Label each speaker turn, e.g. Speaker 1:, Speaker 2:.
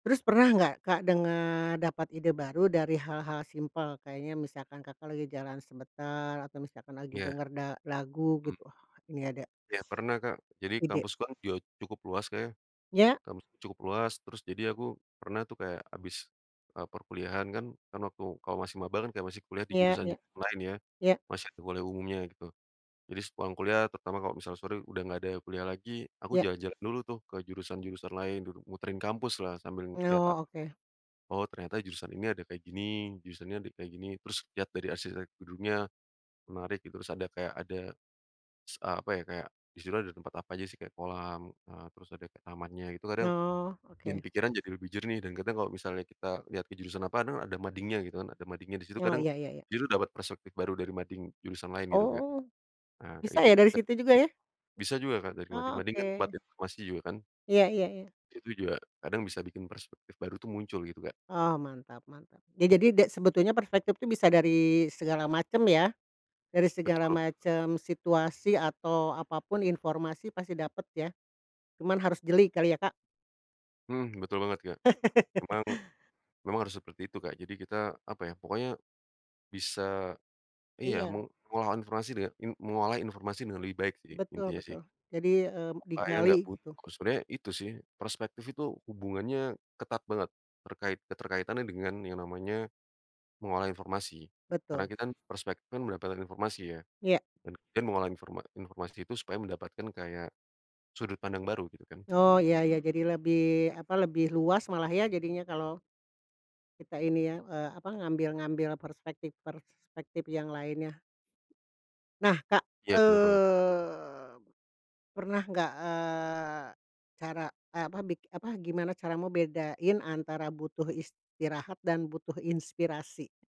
Speaker 1: Terus pernah gak Kak, denger dapat ide baru dari hal-hal simpel kayaknya misalkan Kakak, lagi jalan sebentar atau misalkan lagi
Speaker 2: Ya.
Speaker 1: denger da lagu
Speaker 2: Mmm.
Speaker 1: gitu, ini ada...
Speaker 2: Iya pernah Kak, jadi
Speaker 1: ide?
Speaker 2: kampus kan kyu
Speaker 1: Ya.
Speaker 2: kampusku cukup luas terus jadi aku pernah tuh kayak habis, eee, perkuliahan kan waktu kalau masih maba kan kayak masih kuliah di
Speaker 1: Iya ya,
Speaker 2: jurusan-jurusan lain ya,
Speaker 1: ya.
Speaker 2: masih ada kuliah umumnya gitu, jadi sepulang kuliah terutama kalau misalnya sore udah nggak ada kuliah lagi, aku
Speaker 1: Ya.
Speaker 2: jalan-jalan dulu tuh ke jurusan-jurusan lain dulu, muterin kampuslah sambil lihat
Speaker 1: Oh
Speaker 2: apa,
Speaker 1: oke.
Speaker 2: oh ternyata jurusan ini ada kayak gini, jurusan ini ada kayak gini terus lihat dari arsitekturnya, menarik gitu terus ada kayak ada, s apa ya kayak di situ ada tempat apa aja sih kayak kolam, eee, terus ada kayak tamannya gitu kadang,
Speaker 1: Oh
Speaker 2: bikin
Speaker 1: oke.
Speaker 2: pikiran jadi lebih jernih dan kadang kalau misalnya kita lihat ke jurusan apa kan ada madingnya gitu kan, ada madingnya di situ
Speaker 1: Oh
Speaker 2: kadang
Speaker 1: iya iya iya.
Speaker 2: jadi dapat perspektif baru dari mading jurusan lain gitu Kak.
Speaker 1: Oh,
Speaker 2: Ah, kayak
Speaker 1: bisa
Speaker 2: gitu,
Speaker 1: ya dari
Speaker 2: [unintelligible]
Speaker 1: situ juga ya?
Speaker 2: bisa juga kan dari
Speaker 1: Oh
Speaker 2: mading-mading kan tempat
Speaker 1: oke.
Speaker 2: informasi juga kan.
Speaker 1: Iya iya iya.
Speaker 2: Itu juga kadang bisa bikin perspektif baru tuh muncul gitu Kak.
Speaker 1: Oh mantap mantap, ya jadi ada sebetulnya perspektif itu bisa dari segala macem ya, dari
Speaker 2: Betul
Speaker 1: segala
Speaker 2: bener.
Speaker 1: macem situasi atau apa pun informasi pasti dapet ya, cuman harus jeli kali ya Kak.
Speaker 2: Mhm, betul banget Kak, memang memang harus seperti itu Kak, jadi kita apa ya pokoknya, bisa iya
Speaker 1: Iya.
Speaker 2: mengolah informasi dengan in mengolah informasi dengan lebih baik sih
Speaker 1: Betul
Speaker 2: intinya sih.
Speaker 1: betul jadi, eee,
Speaker 2: Supaya gak
Speaker 1: digali
Speaker 2: buntu.
Speaker 1: gitu.
Speaker 2: Sebenarnya itu sih perspektif itu hubungannya ketat banget, terkait keterkaitan dengan yang namanya, mengolah informasi, karena
Speaker 1: Betul.
Speaker 2: kita kan perspektif kan mendapatkan informasi ya,
Speaker 1: Iya.
Speaker 2: dan kita mengolah informa informasi itu supaya mendapatkan kayak, sudut pandang baru gitu kan.
Speaker 1: Oh iya iya jadi lebih apa lebih luas malah ya jadinya kalau, kita ini ya, eee, apa ngambil ngambil perspektif perspektif yang lainnya. Nah Kak,
Speaker 2: Iya bener banget.
Speaker 1: eee, pernah gak, eee, cara eh, apa bik apa gimana caramu bedain antara butuh istirahat dan butuh inspirasi?